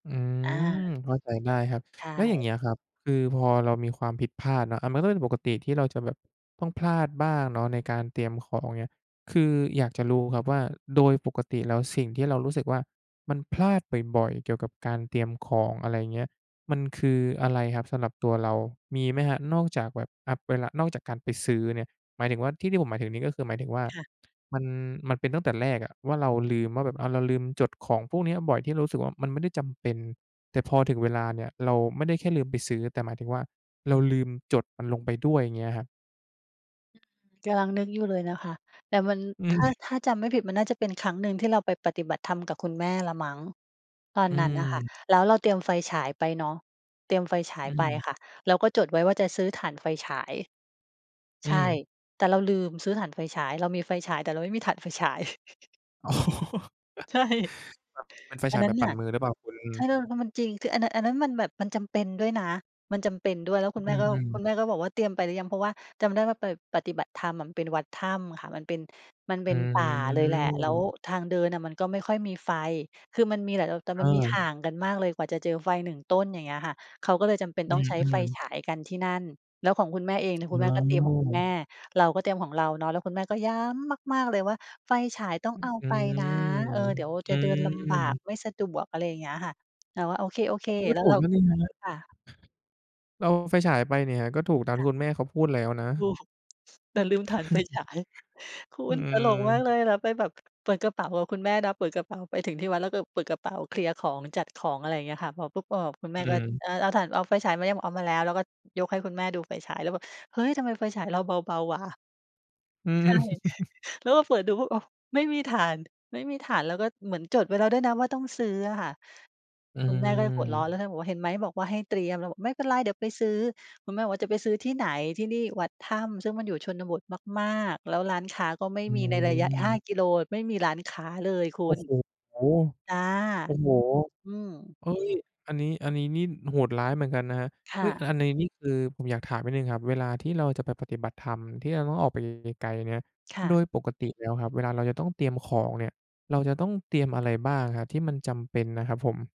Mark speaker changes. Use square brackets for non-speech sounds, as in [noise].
Speaker 1: อื
Speaker 2: อา
Speaker 1: ม เข้าใจได้ครับ
Speaker 2: ใช
Speaker 1: แล้วอย่าง
Speaker 2: ่
Speaker 1: เงี้ยครับ คือพอเรามีความผิดพลาดเนาะ อา มันก็เป็นปกติที่เราจะแบบต้องพลาดบ้างเนาะในการเตรียมของ อย่างเงี้ย คืออยากจะรู้ครับว่าโดยปกติแล้วสิ่งที่เรารู้สึกว่ามันพลาดบ่อย ๆ เกี่ยวกับการเตรียมของ อะไรอย่างเงี้ย มันคืออะไรครับสำหรับตัวเรา มีไหมครับ นอกจากแบบ อา เวลา นอกจากการไปซื้อเนี่ย หมายถึงว่า ที่ ที่ผมหมายถึงนี่ก็คือหมายถึงว่า
Speaker 2: ค่ะ
Speaker 1: มัน มันเป็นตั้งแต่แรกอะว่าเราลืมว่าแบบ อา เราลืมจดของพวกเนี้ยบ่อย ที่เรารู้สึกว่ามันไม่ได้จำเป็น แต่พอถึงเวลาเนี่ยเราไม่ได้แค่ลืมไปซื้อ แต่หมายถึงว่าเราลืมจดมันลงไปด้วย? อย่างเงี้ยครับ
Speaker 2: อือ กำลังนึกอยู่เลยนะคะ แต่มัน
Speaker 1: อื
Speaker 2: ถ
Speaker 1: อ
Speaker 2: ้า ถ
Speaker 1: [chuckles]
Speaker 2: ้าจำไม่ผิดมันน่าจะเป็นครั้งหนึ่งที่เราไปปฏิบัติธรรมกับคุณแม่แหละมั้ง ตอน
Speaker 1: อื
Speaker 2: นั้นน่ะค่ะ
Speaker 1: อ
Speaker 2: แล้วเราเตรียมไฟฉายไปเนาะ เตรียมไฟฉา
Speaker 1: อ
Speaker 2: ยไป
Speaker 1: ืม
Speaker 2: ค่ะ แล้วก็จดไว้ว่าจะซื้อถ่านไฟฉาย
Speaker 1: อื
Speaker 2: ใช่
Speaker 1: อ
Speaker 2: แต่เราลืมซื้อถ่านไฟฉาย เรามีไฟฉาย แต่เราไม่มีถ่านไฟฉาย [chuckles]
Speaker 1: อ๋อ [chuckles]
Speaker 2: ใช่
Speaker 1: ครับ เป็นไฟ
Speaker 2: อั
Speaker 1: ฉ
Speaker 2: น
Speaker 1: าย
Speaker 2: นั
Speaker 1: แบ
Speaker 2: ้น
Speaker 1: บป
Speaker 2: น
Speaker 1: ั่
Speaker 2: ่
Speaker 1: น
Speaker 2: ะ
Speaker 1: มือหรือเปล่าคุณ?
Speaker 2: เธอ แล้วมันจริง คืออันนั้น อันนั้นมันแบบมันจำเป็นด้วยนะ มันจำเป็นด้วย แล้ว
Speaker 1: อ
Speaker 2: คุณแม
Speaker 1: ื
Speaker 2: ่ก็
Speaker 1: ม
Speaker 2: คุ
Speaker 1: ๆ
Speaker 2: ณแม่ก็บอกว่า "เตรียมไปหรือยัง?" เพราะว่าจำได้ว่าไปปฏิบัติธรรมอะ มันเป็นวัดถ้ำค่ะ มันเป็น มันเป
Speaker 1: อ
Speaker 2: ็นป่าเลยแหละ แล้ว
Speaker 1: ืม
Speaker 2: ทางเดินอะมันก็ไม่ค่อยมีไฟ คือมันมีแหละ แต่ แต่มันมี
Speaker 1: เออ
Speaker 2: ห่างกันมากเลย กว่าจะเจอไฟ 1 ต้น อย่างเงี้ยค่ะ เขาก็เลยจำเป็น
Speaker 1: อื
Speaker 2: ต้องใช้ไฟ
Speaker 1: ม ๆ
Speaker 2: ฉายกันที่นั่น แล้วของคุณแม่เองเนี่ย คุ
Speaker 1: อ
Speaker 2: ณแม
Speaker 1: ้
Speaker 2: ่ก็เตรียมของคุณแม
Speaker 1: อ
Speaker 2: ่ เราก็เตรียมของเราเนาะ แล้วคุณแม่ก็ย้ำมาก ๆ เลยว่า "ไฟฉายต้อ
Speaker 1: ฮ
Speaker 2: งเอา
Speaker 1: อื
Speaker 2: ไปนะ
Speaker 1: ม
Speaker 2: เออ เดี๋ยว
Speaker 1: อ
Speaker 2: จ
Speaker 1: ื
Speaker 2: ะเดินลำบาก
Speaker 1: ม
Speaker 2: ไม่สะดวก" อะไรอย่างเงี้ยค่ะ เราว่า "โอเ
Speaker 1: อ
Speaker 2: ค
Speaker 1: ้าว มันก
Speaker 2: ๆ"
Speaker 1: ็
Speaker 2: แล้
Speaker 1: ถ
Speaker 2: ว
Speaker 1: ู
Speaker 2: เ
Speaker 1: ก
Speaker 2: รา
Speaker 1: แล้วนี่ครับ
Speaker 2: ค่ะ
Speaker 1: เราเอาไฟฉายไปนี่ครับ ก็ถูกตาม
Speaker 2: ค
Speaker 1: ที
Speaker 2: ่
Speaker 1: ่
Speaker 2: ะ
Speaker 1: คุณแม่เขาพูดแล้วนะ
Speaker 2: ถูก แต่ลืมถ่านไฟฉาย
Speaker 1: [chuckles]
Speaker 2: คุ
Speaker 1: อื
Speaker 2: ณ ตลกมาก
Speaker 1: ม
Speaker 2: เลย แล้วไปแบบเปิดกระเป๋าของคุณแม่นะ เปิดกระเป๋า ไปถึงที่วัด แล้ว ก เปิดกระเป๋า เคลียร์ของ จัดของ อะไรอย่างเงี้ยค่ะ พอปุ๊บ อา คุณแ
Speaker 1: อ
Speaker 2: ม
Speaker 1: ื
Speaker 2: ่ก็
Speaker 1: ม
Speaker 2: "เออ เอาถ่าน เอาไฟฉายมายัง?" บอก "เอามาแล้ว" แล้วก็ยกให้คุณแม่ดูไฟฉาย แล้วแบบ "เฮ้ย ทำไมไฟฉายเราเบา ๆ วะ"
Speaker 1: อื
Speaker 2: ใช่
Speaker 1: อ
Speaker 2: [chuckles]
Speaker 1: [chuckles]
Speaker 2: แล้วมาเปิดดูปุ๊บ อ้าว ไม่มีถ่าน ไม่มีถ่าน แล้วก็เหมือนจดไว้แล้วด้วยนะว่าต้องซื้ออะค่ะ
Speaker 1: อื
Speaker 2: คุณแม่ก็หัวร้อ
Speaker 1: อ
Speaker 2: น แล้วท่านบอกว่า "เห็นไหม? บอกว่าให้เตรียม" เราบอก "ไม่เป็นไร เดี๋ยวไปซื้อ" คุณแม่บอกว่า "จะไปซื้อที่ไหน? ที่นี่วัดถ้ำ" ซึ่งมันอยู่ชนบทมาก ๆ แล้วร้านค้าก็ไม่
Speaker 1: อื
Speaker 2: มีในระยะ ห้
Speaker 1: ม
Speaker 2: า กิโล ไม่มีร้านค้าเลยคุ
Speaker 1: โอ้
Speaker 2: ณ
Speaker 1: โฮ!
Speaker 2: จ
Speaker 1: โ
Speaker 2: ้ะ
Speaker 1: อ้โฮ!
Speaker 2: อืม
Speaker 1: เฮ้ย อันนี้ อันนี้นี่โหดร้ายเหมือนกันนะครับ
Speaker 2: ค
Speaker 1: เฮ
Speaker 2: ่
Speaker 1: ้ย
Speaker 2: ะ
Speaker 1: อันในนี่ คือผมอยากถามนิดหนึ่งครับ เวลาที่เราจะไปปฏิบัติธรรม ที่เราต้องออกไปไกล ๆ เนี่ย
Speaker 2: ค่
Speaker 1: โ
Speaker 2: ะ
Speaker 1: ดยปกติแล้วครับ เวลาเราจะต้องเตรียมของเนี่ย เราจะต้องเตรียมอะไรบ้างครับที่มันจำเป็นนะครับผม?